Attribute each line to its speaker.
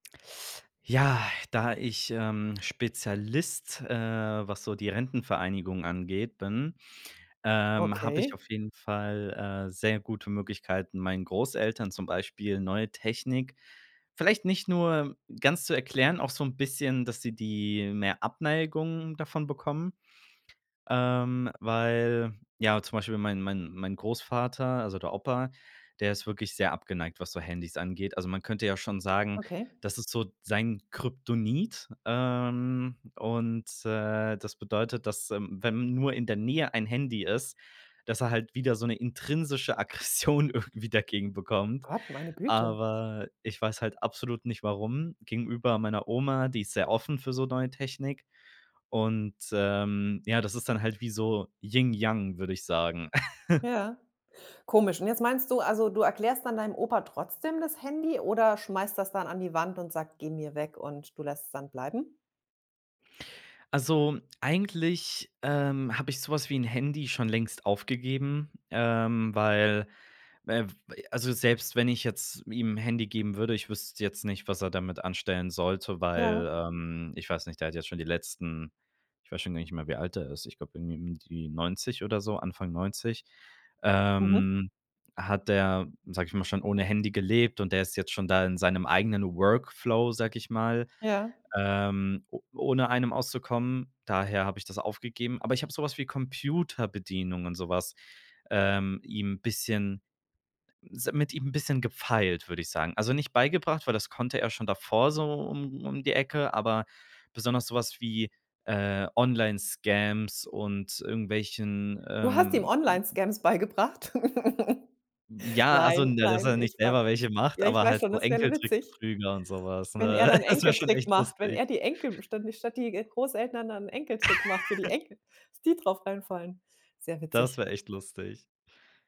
Speaker 1: Ja, da ich, ähm, Spezialist, äh, was so die Rentenvereinigung angeht, bin, ähm, habe ich
Speaker 2: Okay.
Speaker 1: auf jeden Fall, äh, sehr gute Möglichkeiten, meinen Großeltern zum Beispiel neue Technik, vielleicht nicht nur ganz zu erklären, auch so 'n bisschen, dass sie die mehr Abneigung davon bekommen, ähm, weil ja, zum Beispiel mein mein mein Großvater, also der Opa, der ist wirklich sehr abgeneigt, was so Handys angeht. Also man könnte ja schon sagen,
Speaker 2: Okay.
Speaker 1: das ist so sein Kryptonit, ähm, und, äh, das bedeutet, dass, ähm, wenn nur in der Nähe ein Handy ist, dass er halt wieder so 'ne intrinsische Aggression irgendwie dagegen bekommt.
Speaker 2: Gott, meine Güte.
Speaker 1: Aber, ich weiß halt absolut nicht, warum. Gegenüber meiner Oma, die ist sehr offen für so neue Technik. Und, ähm, ja, das ist dann halt wie so, Yin Yang, würde ich sagen.
Speaker 2: Ja, komisch. Und jetzt meinst du, also, du erklärst dann deinem Opa trotzdem das Handy oder schmeißt der's dann an die Wand und sagt: „Geh mir weg“ und du lässt es dann bleiben?
Speaker 1: Also, eigentlich, ähm, habe ich so was wie 'n Handy schon längst aufgegeben, ähm, weil, äh, f äh, also selbst wenn ich jetzt ihm 'n Handy geben würde, ich wüsste jetzt nicht, was er damit anstellen sollte,
Speaker 2: Ja.
Speaker 1: weil, ähm, ich weiß nicht, der hat jetzt schon die letzten ich weiß schon gar nicht mehr, wie alt er ist, ich glaube irgendwie um die 90 oder so, Anfang 90,
Speaker 2: Mhm.
Speaker 1: ähm, hat der, sage ich mal, schon ohne Handy gelebt und der ist jetzt schon da in seinem eigenen Workflow, sage ich mal,
Speaker 2: Ja.
Speaker 1: ähm, o ohne einem auszukommen. Daher habe ich das aufgegeben. Aber ich habe so was wie Computerbedienung und so was, ähm, ihm bisschen, s mit ihm bisschen gefeilt, würde ich sagen. Also nicht beigebracht, weil das konnte er schon davor so um um die Ecke, aber besonders so was wie, äh, Online Scams und irgendwelchen,
Speaker 2: Du hast ihm
Speaker 1: ähm
Speaker 2: Online-Scams beigebracht?
Speaker 1: Ja, also,
Speaker 2: Nein,
Speaker 1: ne, dass
Speaker 2: nein,
Speaker 1: er nicht
Speaker 2: ich weiß
Speaker 1: selber welche macht,
Speaker 2: ja, ich
Speaker 1: aber
Speaker 2: weiß
Speaker 1: halt
Speaker 2: schon,
Speaker 1: so
Speaker 2: das wäre l witzig.
Speaker 1: Enkeltrickbetrüger und so was,
Speaker 2: Wenn er
Speaker 1: ne?
Speaker 2: dann
Speaker 1: Das wäre schon
Speaker 2: Enkeltrick
Speaker 1: echt
Speaker 2: macht, wenn
Speaker 1: lustig.
Speaker 2: er die Enkel, statt statt die Großeltern dann 'n Enkeltrick macht, für die Enkel, dass die drauf reinfallen. Sehr
Speaker 1: Das
Speaker 2: witzig.
Speaker 1: wäre echt lustig.